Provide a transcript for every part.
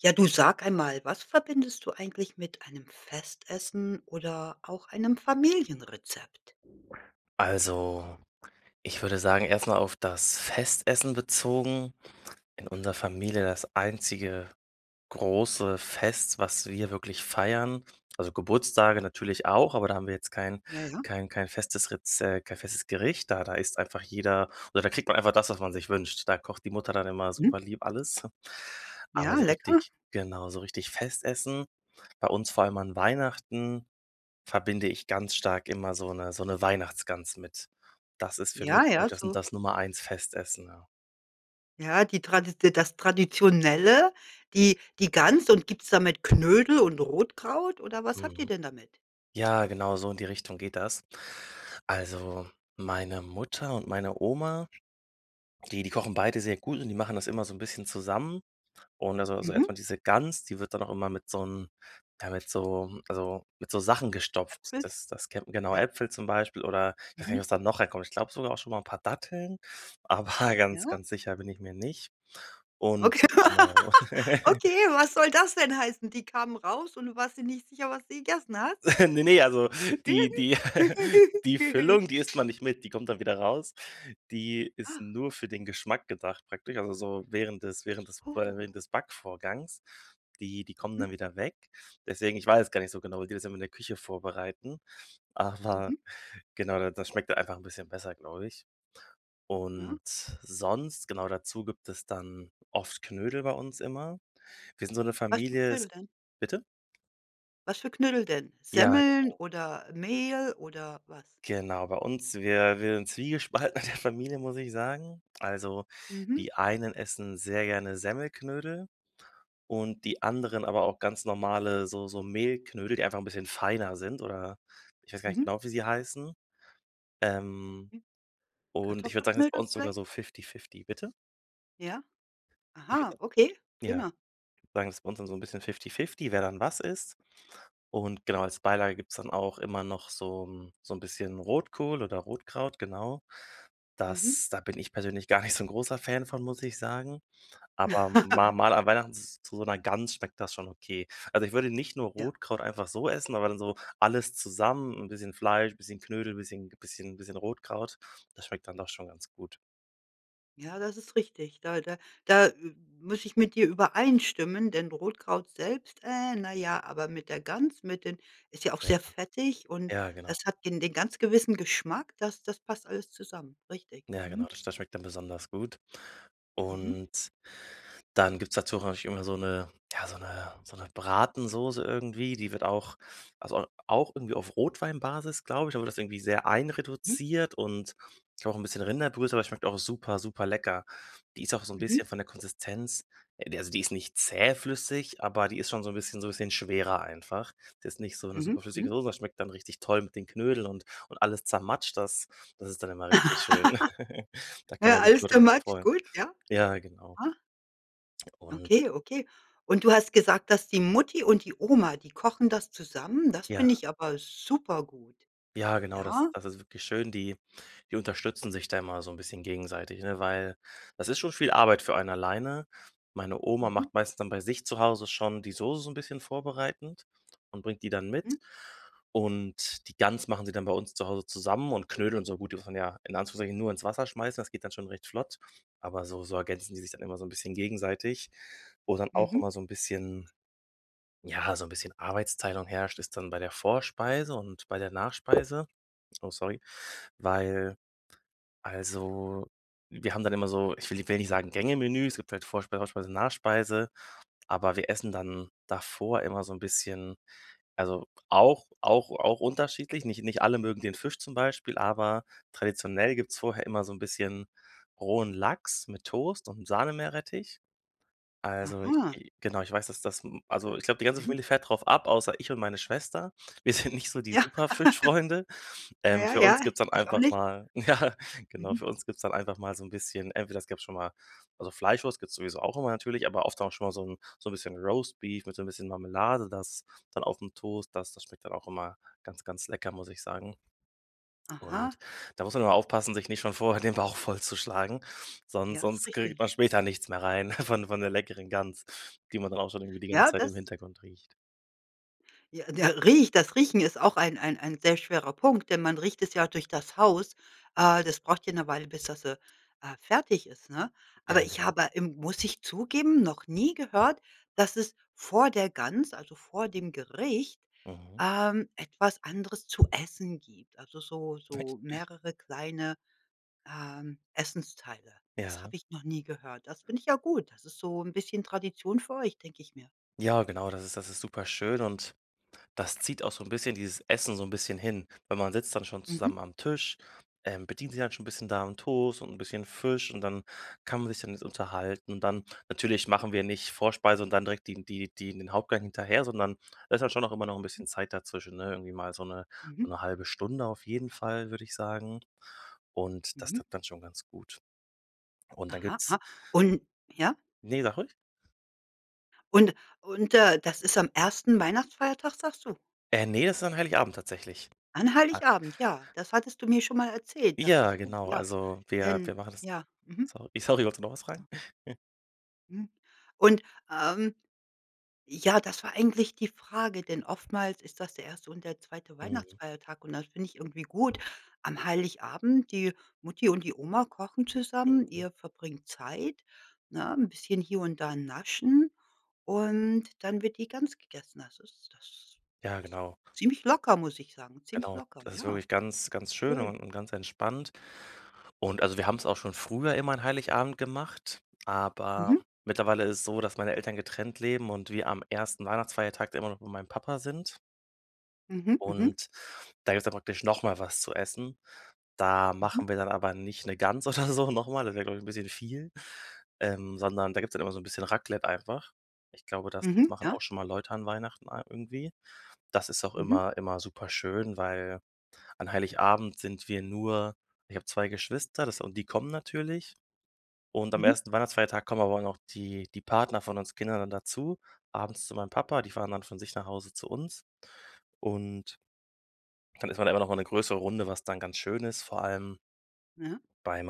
Ja, du sag einmal, was verbindest du eigentlich mit einem Festessen oder auch einem Familienrezept? Also, ich würde sagen, erst mal auf das Festessen bezogen. In unserer Familie, das einzige große Fest, was wir wirklich feiern, also, Geburtstage natürlich auch, aber da haben wir jetzt kein Ja, ja. kein kein festes Reze kein festes Gericht. Da da isst einfach jeder oder da kriegt man einfach das, was man sich wünscht. Da kocht die Mutter dann immer Mhm. super lieb alles, aber Ja, so lecker. richtig genau, so richtig Festessen, bei uns vor allem an Weihnachten, verbinde ich ganz stark immer so 'ne so 'ne Weihnachtsgans mit. Das ist für mich Ja, so ja, das so. das Nummer 1 Festessen, ja. Ja, die Tradit das Traditionelle, die die Gans und gibt's da mit Knödel und Rotkraut oder was habt ihr Mhm. denn damit? Ja, genau, so in die Richtung geht das. Also, meine Mutter und meine Oma, die die kochen beide sehr gut und die machen das immer so 'n bisschen zusammen und also, so Mhm. erst mal diese Gans, die wird dann auch immer mit so 'n ja, mit so also, mit so Sachen gestopft. Äpfel? Das das kennt genau Ja. Äpfel zum Beispiel oder ich weiß gar nicht, Mhm. was da noch reinkommt. Ich glaube sogar auch schon mal 'n paar Datteln, aber ganz, Ja. ganz sicher bin ich mir nicht. Und Okay. genau. Okay, was soll das denn heißen? Die kamen raus und du warst dir nicht sicher, was du gegessen hast? Ne, ne, also, die die die Füllung, die isst man nicht mit, die kommt dann wieder raus. Die ist Ach. nur für den Geschmack gedacht praktisch, also so während des während des Ach so. während des Backvorgangs. Die die kommen Mhm. dann wieder weg. Deswegen, ich weiß es gar nicht so genau, wie die das immer in der Küche vorbereiten, aber Mhm. genau, da das schmeckt einfach 'n bisschen besser, glaube ich. Ja. Und sonst, genau dazu gibt es dann oft Knödel bei uns immer. Wir sind so 'ne Was für Familie Knödel denn? bitte? Was für Knödel denn? Ja, Semmeln genau. oder Mehl oder was? Genau, bei uns wir wir sind zwiegespalten in der Familie, muss ich sagen. Also, Mhm. die einen essen sehr gerne Semmelknödel und die anderen aber auch ganz normale so so Mehlknödel, die einfach 'n bisschen feiner sind oder ich weiß gar nicht Mhm. genau, wie sie heißen, ähm. Und ich würde sagen, das ist bei Kartoffelknödel uns sogar so vielleicht? fifty-fifty bitte? Ja? Ich würde Aha, sagen, okay, ja prima. sagen ist bei uns dann so 'n bisschen fifty-fifty, wer dann was isst. Und genau, als Beilage gibt's dann auch immer noch so 'n so 'n bisschen Rotkohl oder Rotkraut, genau. Mhm. Das da bin ich persönlich gar nicht so 'n großer Fan von, muss ich sagen, aber mal mal an Weihnachten z zu so 'ner Gans schmeckt das schon okay. Also, ich würde nicht nur Ja. Rotkraut einfach so essen, aber dann so alles zusammen, 'n bisschen Fleisch, bisschen Knödel, bisschen bisschen bisschen Rotkraut, das schmeckt dann doch schon ganz gut. Ja, das ist richtig. Da da da m muss ich mit dir übereinstimmen, denn Rotkraut selbst, na ja, aber mit der Gans mit den ist ja auch Ja. sehr fettig und Ja, genau. es hat den den ganz gewissen Geschmack, das das passt alles zusammen, richtig, Ja, genau, mhm. das das schmeckt dann besonders gut. Mhm. Und dann gibt's dazu, auch natürlich immer so 'ne ja so 'ne so 'ne Bratensoße irgendwie, die wird auch, also, a auch irgendwie auf Rotweinbasis, glaube ich, aber das irgendwie sehr Mhm. einreduziert und auch 'n bisschen Rinderbrühe, zum Beispiel schmeckt auch super superl ecker. Die ist auch so 'n Mhm. bisschen von der Konsistenz, äh, d also, die ist nicht zähflüssig, aber die ist schon so 'n bisschen so 'n bisschen schwerer einfach. Die ist nicht so 'ne super Mhm, flüssige mhm. Soße, das schmeckt dann richtig toll mit den Knödel und und alles zermatscht. Das das ist dann immer richtig schön. Da kann Ja, man sich alles nur too drüber much, freuen. gut, ja. Ja, genau. Ja. Und Okay, okay. Und du hast gesagt, dass die Mutti und die Oma, die kochen das zusammen, das ja. finde ich aber super gut. Ja, genau das, Ja. also, ist wirklich schön, die die unterstützen sich da immer so 'n bisschen gegenseitig, ne? Weil das ist schon viel Arbeit für einen alleine. Meine Oma Mhm. macht meistens dann bei sich zu Hause schon die Soße so 'n bisschen vorbereitend und bringt die dann Mhm. mit. Und die Gans machen sie dann bei uns zu Hause zusammen und Knödel so gut, die muss man ja in Anführungszeichen nur ins Wasser schmeißen, das geht dann schon recht flott. Aber so so ergänzen die sich dann immer so 'n bisschen gegenseitig. Wo dann auch Mhm. immer so 'n bisschen ja, so 'n bisschen Arbeitsteilung herrscht, ist dann bei der Vorspeise und bei der Nachspeise. Oh, sorry. Weil, also, wir haben dann immer so, ich will ni will nicht sagen Gänge-Menü. Es gibt halt Vorspeise, Hauptspeise, Nachspeise, aber wir essen dann davor immer so 'n bisschen, also, auch auch auch unterschiedlich. Nicht nicht alle mögen den Fisch zum Beispiel, aber traditionell gibt's vorher immer so 'n bisschen rohen Lachs mit Toast und Sahnemeerrettich. Also, ich Aha. i genau, ich weiß, dass das, hm, also, ich glaube, die ganze Mhm. Familie fährt darauf ab, außer ich und meine Schwester. Wir sind nicht so die Ja. super Fischfreunde, ähm. Ja, Für ja, uns gibt's dann ich auch einfach nicht. mal ja, genau, Mhm. für uns gibt's dann einfach mal so 'n bisschen entweder es gab schon mal also, Fleischwurst gibt's sowieso auch immer natürlich, aber oft auch schon mal so 'n so 'n bisschen Roastbeef mit so 'n bisschen Marmelade, das dann aufm Toast, das das schmeckt dann auch immer ganz, ganz lecker, muss ich sagen. Aha. Und da muss man nur aufpassen, sich nicht schon vorher den Bauch vollzuschlagen, sonst Ja, ist sonst kriegt man richtig. später nichts mehr rein von von der leckeren Gans, die man dann auch schon irgendwie die ganze Ja, Zeit im das Hintergrund riecht. Ja ja riecht. Das Riechen ist auch ein ein ein sehr schwerer Punkt, denn man riecht es ja auch durch das Haus. Äh, das braucht ja 'ne Weile, bis das, äh, äh, fertig ist, ne? Ja, Aber ich genau. habe, ähm, muss ich zugeben, noch nie gehört, dass es vor der Gans, also vor dem Gericht, Mhm. ähm, etwas anderes zu essen gibt. Also so Echt? so mehrere kleine, ähm, Essensteile. Das Ja. habe ich noch nie gehört. Das finde ich ja gut. Das ist so 'n bisschen Tradition für euch, denke ich mir. Ja, genau, das ist das ist super schön und das zieht auch so 'n bisschen dieses Essen so 'n bisschen hin. Weil man sitzt dann schon Mhm. zusammen am Tisch, ähm, bedient sich dann schon 'n bisschen da 'n Toast und 'n bisschen Fisch und dann kann man sich dann jetzt unterhalten und dann natürlich machen wir nicht Vorspeise und dann direkt die n die die den Hauptgang hinterher, sondern da ist halt schon auch immer noch 'n bisschen Zeit dazwischen, ne? Irgendwie mal so 'ne Mhm. so 1/2 Stunde auf jeden Fall, würde ich sagen. Und das Mhm. tut dann schon ganz gut. Und dann Aha, gibt's ha. Und ja? Ne, sag ruhig. Und und, äh, das ist am 1. Weihnachtsfeiertag, sagst du? Äh, ne, das ist an Heiligabend tatsächlich. An Ah Heiligabend, ja, das hattest du mir schon mal erzählt, dachte ich Ja, mir, genau. ja. Also wir Denn, wir machen das, ja. Mhm. sorry sorry, wolltest du noch was fragen? Mhm, und, ähm, ja, das war eigentlich die Frage, denn oftmals ist das der 1. und der 2. Mhm. Weihnachtsfeiertag und das finde ich irgendwie gut. Am Heiligabend, die Mutti und die Oma kochen zusammen. Mhm. Ihr verbringt Zeit, ne, 'n bisschen hier und da naschen und dann wird die Gans gegessen. Das ist das Ja, ist genau. ziemlich locker, muss ich sagen. Ziemlich Genau, locker, das ist ja. wirklich ganz, ganz schön Schön. un und ganz entspannt. Und, also, wir haben's auch schon früher immer an Heiligabend gemacht, aber Mhm. mittlerweile ist es so, dass meine Eltern getrennt leben und wir am 1. Weihnachtfeiertag dann immer noch bei meinem Papa sind. Mhm, mhm. Und da gibt's dann praktisch noch mal was zu Essen. Da Mhm. machen wir dann aber nicht 'ne Gans oder so noch mal, das wäre, glaube ich, 'n bisschen viel, ähm, sondern da gibt's dann immer so 'n bisschen Raclette einfach. Ich glaube, das Mhm, machen ja. auch schon mal Leute an Weihnachten a irgendwie. Das ist auch Mhm. immer immer super schön, weil an Heiligabend sind wir nur ich habe 2 Geschwister, das und die kommen natürlich. Und am Mhm. 1. Weihnachtsfeiertag kommen aber auch noch die die Partner von uns Kindern dann dazu, abends zu meinem Papa, die fahren dann von sich nach Hause zu uns und dann ist man immer noch mal 'ne größere Runde, was dann ganz schön ist, vor allem Ja. beim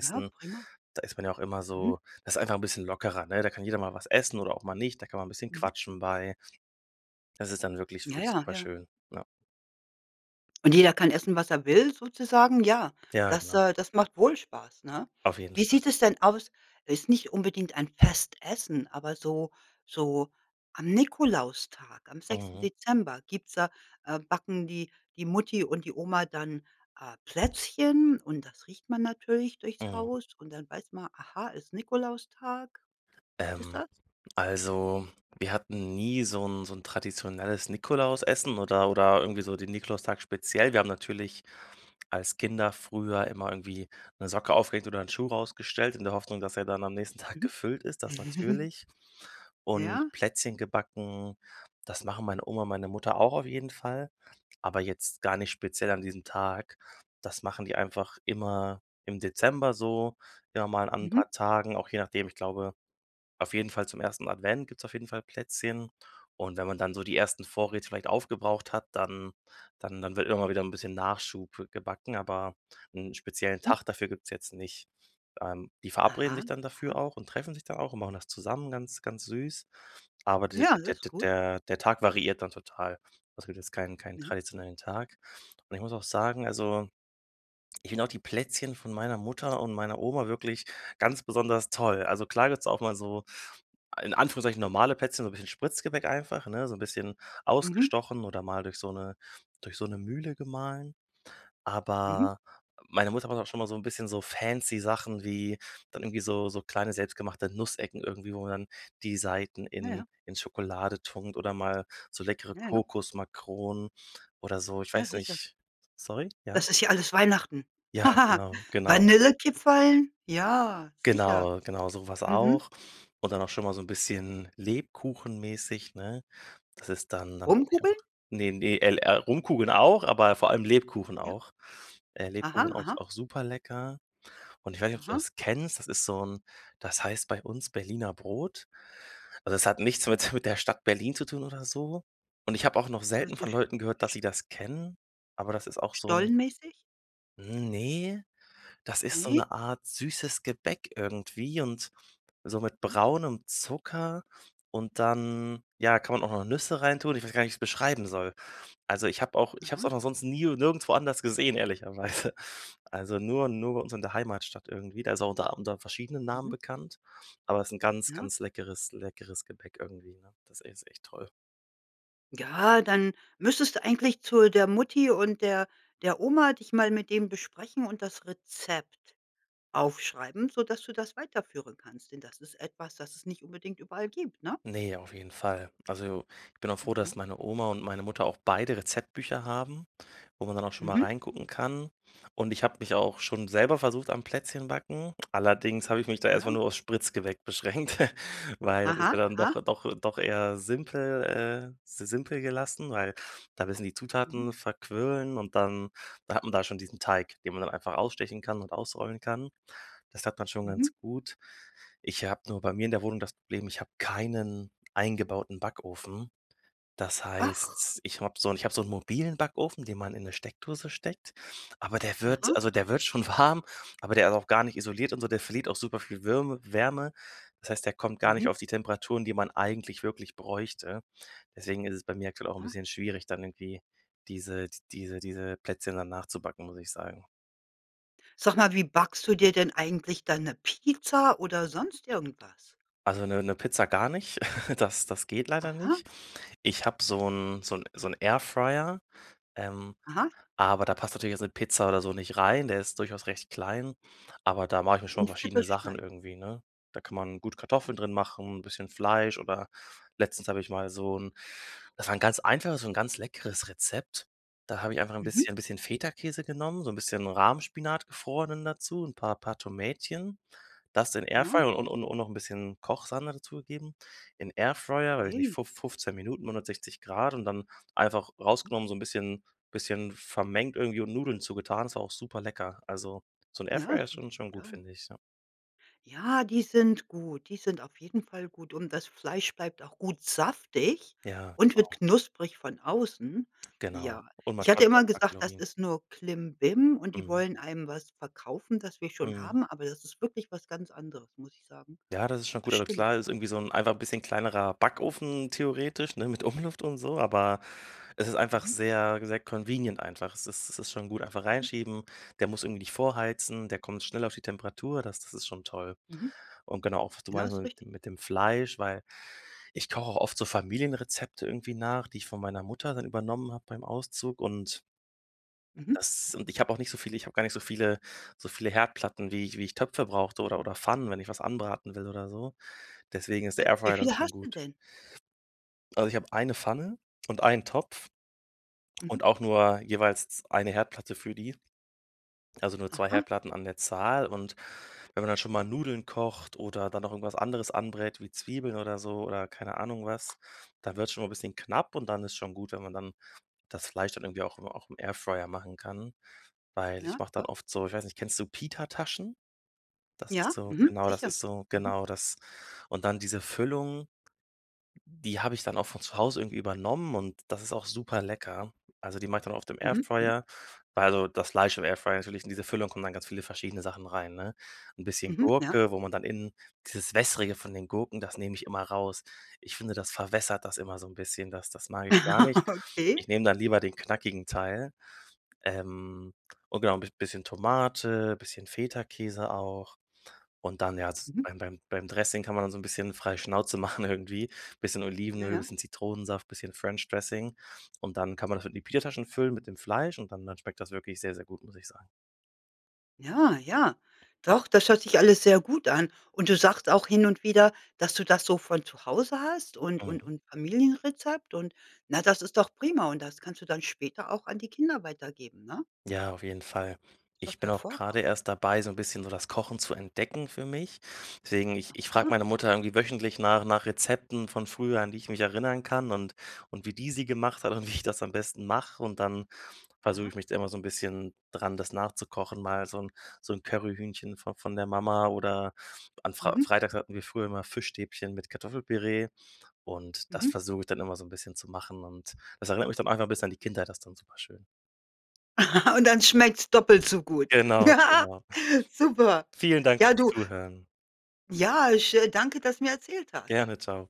Ja, prima. Da ist man ja auch immer Mhm. so das ist einfach 'n bisschen lockerer, ne? Da kann jeder mal was essen oder auch mal nicht. Dann kann man 'n bisschen Mhm. quatschen bei. Das ist dann wirklich, finde Ja, ich, ja, super ja. schön, ja. Und jeder kann essen, was er will sozusagen. Ja, Ja, das, genau. äh das macht wohl Spaß, ne? Auf jeden Wie Fall. sieht es denn aus? Es ist nicht unbedingt ein Festessen, aber so so am Nikolaustag, am 6. Mhm. Dezember gibt's da äh, backen die die Mutti und die Oma dann, äh, Plätzchen und das riecht man natürlich durchs Mhm. Haus und dann weiß man, aha, ist Nikolaustag? Gibt es Ähm, das? also wir hatten nie so 'n so 'n traditionelles Nikolausessen oder oder irgendwie so den Nikolaustag speziell. Wir haben natürlich als Kinder früher immer irgendwie 'ne Socke aufgehängt oder 'n Schuh rausgestellt in der Hoffnung, dass er dann am nächsten Tag Mhm. gefüllt ist, das natürlich. Und Ja. Plätzchen gebacken, das machen meine Oma und meine Mutter auch auf jeden Fall. Aber jetzt gar nicht speziell an diesem Tag. Das machen die einfach immer im Dezember so, ja, mal an 'n Mhm. paar Tagen, auch je nachdem. Ich glaube, auf jeden Fall zum 1. Advent gibt's auf jeden Fall Plätzchen. Und, wenn man dann so die ersten Vorräte vielleicht aufgebraucht hat, dann dann dann wird immer mal wieder 'n bisschen Nachschub gebacken, aber 'n speziellen Mhm. Tag dafür gibt's jetzt nicht. Ähm, die verabreden Aha, sich dann dafür aha. auch und treffen sich da auch und machen das zusammen ganz, ganz süß. Aber d Ja, das der ist der gut. der der Tag variiert dann total. Es gibt jetzt kein keinen Ja. traditionellen Tag. Und ich muss auch sagen, also ich finde auch die Plätzchen von meiner Mutter und meiner Oma wirklich ganz besonders toll. Also klar, gibt's auch mal so in Anführungszeichen normale Plätzchen, so 'n bisschen Spritzgebäck einfach, ne, so 'n bisschen Mhm. ausgestochen oder mal durch so 'ne durch so 'ne Mühle gemahlen, Mhm. aber meine Mutter macht auch schon mal so 'n bisschen so fancy Sachen wie dann irgendwie so so kleine, selbst gemachte Nussecken irgendwie, wo man dann die Seiten Ja, in ja. in Schokolade tunkt oder mal so leckere Ja, ja. Kokosmakronen oder so. Ich Ja, weiß sicher. nicht, sorry, ja? Das ist ja alles Weihnachten. Ja, genau, genau. Vanillekipferln? Ja, sicher. Genau, genau so was Mhm. auch. Und dann auch schon mal so 'n bisschen lebkuchenmäßig, ne? Das ist dann dann wirklich auch Rumkugeln? ne, ne, El äh, Rumkugeln auch, aber vor allem Lebkuchen Ja. auch, äh, Lebkuchen Aha, auch ist aha. auch super lecker. Und ich weiß nicht, ob du Aha. das kennst, das ist so 'n das heißt bei uns Berliner Brot. Also es hat nichts Aha. mit mit der Stadt Berlin zu tun oder so. Und ich habe auch noch Weiß selten von ich Leuten gehört, dass nicht. sie das kennen, aber das ist auch so 'n Stollenmäßig? Ne, das ist so Ne? 'ne Art süßes Gebäck irgendwie und so mit Ja. braunem Zucker und dann, ja, kann man auch noch Nüsse reintun. Ich weiß gar nicht, wie ich's beschreiben soll. Also ich habe auch ich habe es Aha. auch noch sonst nie und nirgendwo anders gesehen, ehrlicherweise. Also, nur nur bei uns in der Heimatstadt irgendwie. Da ist auch unter unter verschiedenen Namen Mhm. bekannt, aber ist 'n ganz, Ja. ganz leckeres, leckeres Gepäck irgendwie, ne? Das ist echt toll. Ja, dann müsstest du eigentlich zu der Mutti und der der Oma, dich mal mit dem besprechen und das Rezept aufschreiben, sodass du das weiterführen kannst, denn das ist etwas, das es nicht unbedingt überall gibt, ne? Ne, auf jeden Fall. Also, ich bin auch froh, dass Mhm. meine Oma und meine Mutter auch beide Rezeptbücher haben, wo man dann auch schon mal Mhm. reingucken kann. Und ich habe mich auch schon selber versucht am Plätzchenbacken, allerdings habe ich mich da Na erst mal ja. nur aufs Spritzgebäck beschränkt, weil das ist Aha. ja dann Aha. doch doch doch eher simpel, äh s simpel gelassen, weil da müssen die Mhm. Zutaten verquirlen und dann da hat man da schon diesen Teig, den man dann einfach ausstechen kann und ausrollen kann. Das klappt man schon ganz Mhm. gut. Ich habe nur bei mir in der Wohnung das Problem, ich habe keinen eingebauten Backofen. Das Ach. heißt, ich habe so 'n ich habe so 'n mobilen Backofen, den man in 'ne Steckdose steckt, aber der wird Aha. also, der wird schon warm, aber der ist auch gar nicht isoliert und so, der verliert auch super viel Würme Wärme, das heißt, der kommt gar nicht Mhm. auf die Temperaturen, die man eigentlich wirklich bräuchte. Deswegen ist es bei mir aktuell auch 'n Aha. bisschen schwierig, dann irgendwie diese di diese diese Plätzchen dann nachzubacken, muss ich sagen. Sag mal, wie backst du dir denn eigentlich deine Pizza oder sonst irgendwas? Also 'ne 'ne Pizza gar nicht, das das geht leider Aha. nicht. Ich habe so 'n so 'n so 'n Airfryer, ähm, Aha. aber da passt natürlich jetzt 'ne Pizza oder so nicht rein, der ist durchaus recht klein. Aber da mache ich mir schon In Viertel verschiedene Sachen schneiden. irgendwie, ne? Da kann man gut Kartoffeln Mhm. drin machen, 'n bisschen Fleisch oder letztens habe ich mal so 'n das war 'n ganz einfaches, so 'n ganz leckeres Rezept. Da habe ich einfach 'n Mhm. bisschen bisschen Feta-Käse genommen, so 'n bisschen Rahmspinat, gefrorenen, dazu, 'n paar paar Tomätchen, das in Ja. Airfryer und und und noch 'n bisschen Kochsahne dazugegeben. In Airfryer, weiß ich nicht, Hey. fuf 15 Minuten, 160 C und dann einfach rausgenommen so 'n bisschen bisschen vermengt irgendwie und Nudeln zu getan. Das war auch super lecker. Also so 'n Ja, das Airfryer ist hört schon sich schon gut gut, an. finde ich, ja. Ja, die sind gut. Die sind auf jeden Fall gut und das Fleisch bleibt auch gut saftig Ja, und wird genau. knusprig von außen. Genau. Ja, Und ich manchmal hatte sind auch immer gesagt, das [unintelligible] ist nur Klimbim und die Mhm. wollen einem was verkaufen, das wir schon Mhm. haben, aber das ist wirklich was ganz anderes, muss ich sagen. Ja, das ist schon gut. Das Also stimmt, klar ist ja. irgendwie so 'n einfach bisschen kleinerer Backofen theoretisch, ne, mit Umluft und so, aber es ist einfach Mhm. sehr, wie gesagt, convenient einfach. Es ist es ist schon gut, einfach Mhm. reinschieben, der muss irgendwie nicht vorheizen, der kommt schnell auf die Temperatur, das das ist schon toll. Mhm. Und genau, auch wie du Ja, meintest ist mit richtig. dem mit dem Fleisch, weil ich koche auch oft so Familienrezepte irgendwie nach, die ich von meiner Mutter dann übernommen habe beim Auszug und Mhm. das und ich habe auch nicht so viel. Ich habe gar nicht so viele so viele Herdplatten, wie ich wie ich Töpfe brauchte oder oder Pfannen, wenn ich was anbraten will oder so. Deswegen ist der Äh, wie Airfryer dann viele schon hast du gut. denn? Also ich habe eine Pfanne und einen Topf Mhm. und auch nur jeweils z eine Herdplatte für die, also nur 2 Aha. Herdplatten an der Zahl. Und wenn man dann schon mal Nudeln kocht oder dann noch irgendwas anderes anbrät wie Zwiebeln oder so oder keine Ahnung was, da wird's schon mal bisschen knapp und dann ist schon gut, wenn man dann das Fleisch dann irgendwie auch im auch im Airfryer machen kann. Weil ich Ja, mache dann doch. oft so ich weiß nicht, kennst du Pita-Taschen? Das ist Ja. so, Mhm. genau, das Sicher. ist so Mhm. genau, das. Und dann diese Füllung, die habe ich dann auch von zu Hause irgendwie übernommen und das ist auch super lecker. Also, die macht dann oft dem Mhm, mhm. Airfryer also das Fleisch im Airfryer natürlich, in diese Füllung kommen dann ganz viele verschiedene Sachen rein, ne? 'N bisschen Mhm, ja. Gurke, wo man dann innen dieses Wässrige von den Gurken, das nehme ich immer raus. Ich finde, das verwässert das immer so 'n bisschen, das das mag ich gar nicht. Ich Okay. nehme dann lieber den knackigen Teil. Ähm, und genau, bis bisschen Tomate, bisschen Feta-Käse auch und dann, ja, z Mhm. beim beim beim Dressing kann man so 'n bisschen frei Schnauze machen irgendwie, bisschen Ja, Olivenöl, ja. bisschen Zitronensaft, bisschen French Dressing und dann kann man das in die Pita-Taschen füllen, mit dem Fleisch, und dann dann schmeckt das wirklich sehr, sehr gut, muss ich sagen. Ja, ja. Doch, das hört sich alles sehr gut an. Und du sagst auch hin und wieder, dass du das so von zu Hause hast und und Mhm. und Familienrezept und, na, das ist doch prima. Und das kannst du dann später auch an die Kinder weitergeben, ne? Ja, auf jeden Fall. Das ist Ich doch bin auch gerade hervorragend. erst dabei, so 'n bisschen so das Kochen zu entdecken für mich. Deswegen ich ich frage Aha. meine Mutter irgendwie wöchentlich nach nach Rezepten von früher, an die ich mich erinnern kann und und wie die sie gemacht hat und wie ich das am besten mache. Und dann versuche Aha. ich mich immer so 'n bisschen dran, das nachzukochen, mal so 'n so 'n Curryhühnchen von von der Mama oder an Frei Mhm. Freitags hatten wir früher immer Fischstäbchen mit Kartoffelpüree und das Mhm. versuche ich dann immer so 'n bisschen zu machen und das erinnert mich dann einfach mal bis an die Kindheit, das dann super schön. Und dann schmeckt's doppelt so gut. Genau, genau. Super! Vielen Dank Ja, fürs du Zuhören. ja, ich, äh, danke, dass du mir erzählt hast. Gerne, tschau.